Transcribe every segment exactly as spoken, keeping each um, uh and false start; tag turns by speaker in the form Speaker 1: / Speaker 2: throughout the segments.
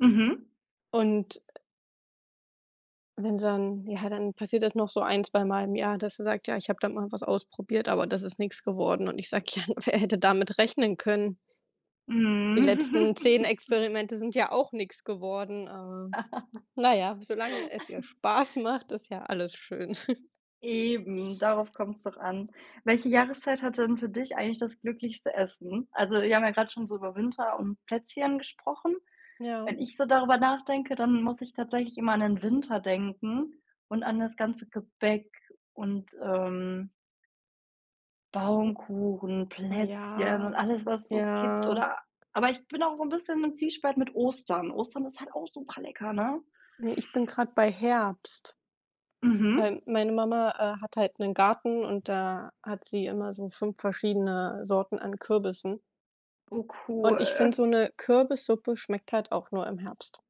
Speaker 1: Mhm.
Speaker 2: Und wenn's dann ja, dann passiert das noch so ein zweimal im Jahr, dass er sagt: „Ja, ich habe da mal was ausprobiert, aber das ist nix geworden“ und ich sage: „Ja, n wer hätte damit rechnen können?“
Speaker 1: Mhm.
Speaker 2: „Die letzten zehn Experimente sind ja auch nix geworden, äh, n na ja, solange es dir Spaß macht, ist ja alles schön.“
Speaker 1: Eben, darauf kommt's doch an. Welche Jahreszeit hat denn für dich eigentlich das glücklichste Essen? Also, wir haben ja grad schon so über Winter und Plätzchen gesprochen.
Speaker 2: Ja.
Speaker 1: Wenn ich so darüber nachdenke, dann muss ich tatsächlich immer an den Winter denken und an das ganze Gebäck und, ähm
Speaker 2: [unintelligible]
Speaker 1: Baumkuchen,
Speaker 2: Oh
Speaker 1: Plätzchen
Speaker 2: ja,
Speaker 1: und alles, was es so gibt
Speaker 2: ja.
Speaker 1: oder aber ich bin auch so 'n bisschen im Zwiespalt mit Ostern. Ostern ist halt auch super lecker, ne?
Speaker 2: Ne, ich bin grade bei Herbst,
Speaker 1: Mhm.
Speaker 2: weil meine Mama, äh, hat halt 'nen Garten und da hat sie immer so fünf verschiedene Sorten an Kürbissen.
Speaker 1: Oh,
Speaker 2: Und ich finde
Speaker 1: cool.
Speaker 2: so 'ne Kürbissuppe schmeckt halt auch nur im Herbst.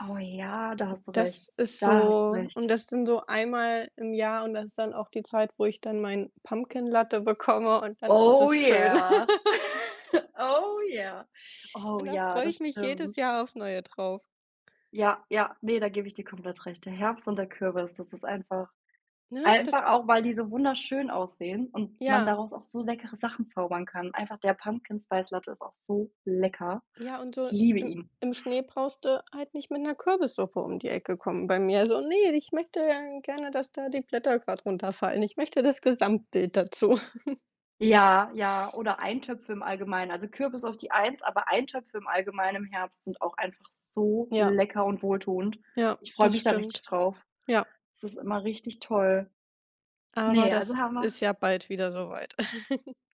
Speaker 1: Oh ja, da
Speaker 2: Hm,
Speaker 1: hast du recht.
Speaker 2: das ist
Speaker 1: Da hast du
Speaker 2: so und
Speaker 1: recht.
Speaker 2: das dann so einmal im Jahr und das ist dann auch die Zeit, wo ich dann meinen Pumpkin Latte bekomme, und dann ist
Speaker 1: Oh
Speaker 2: es schön.
Speaker 1: ja. Oh ja. Oh
Speaker 2: Und da
Speaker 1: ja,
Speaker 2: freue
Speaker 1: das
Speaker 2: ich mich jedes
Speaker 1: stimmt.
Speaker 2: Jahr aufs Neue drauf.
Speaker 1: Ja, ja, ne, da gebe ich dir komplett recht. Der Herbst und der Kürbis, das ist einfach
Speaker 2: Ne, das
Speaker 1: einfach auch, weil die so wunderschön aussehen und man
Speaker 2: Ja.
Speaker 1: daraus auch so leckere Sachen zaubern kann einfach der Pumpkin-Spice-Latte ist auch so lecker.
Speaker 2: Ja, und so
Speaker 1: Ich liebe
Speaker 2: im
Speaker 1: ihn.
Speaker 2: im Schnee brauchst du halt nicht mit 'ner Kürbissuppe um die Ecke kommen bei mir. Also, ne, ich möchte dann gerne, dass da die Blätter grad runterfallen, ich möchte das Gesamtbild dazu.
Speaker 1: Ja, ja oder Eintöpfe im Allgemeinen. Also Kürbis auf die eins, aber Eintöpfe im Allgemeinen im Herbst sind auch einfach so
Speaker 2: Ja.
Speaker 1: lecker und wohltuend.
Speaker 2: Ja,
Speaker 1: Ich freue
Speaker 2: das
Speaker 1: mich da richtig
Speaker 2: stimmt.
Speaker 1: drauf.
Speaker 2: Ja.
Speaker 1: Das ist immer richtig toll.
Speaker 2: Aber
Speaker 1: Ne, also
Speaker 2: das
Speaker 1: Hammer.
Speaker 2: ist ja bald wieder so weit.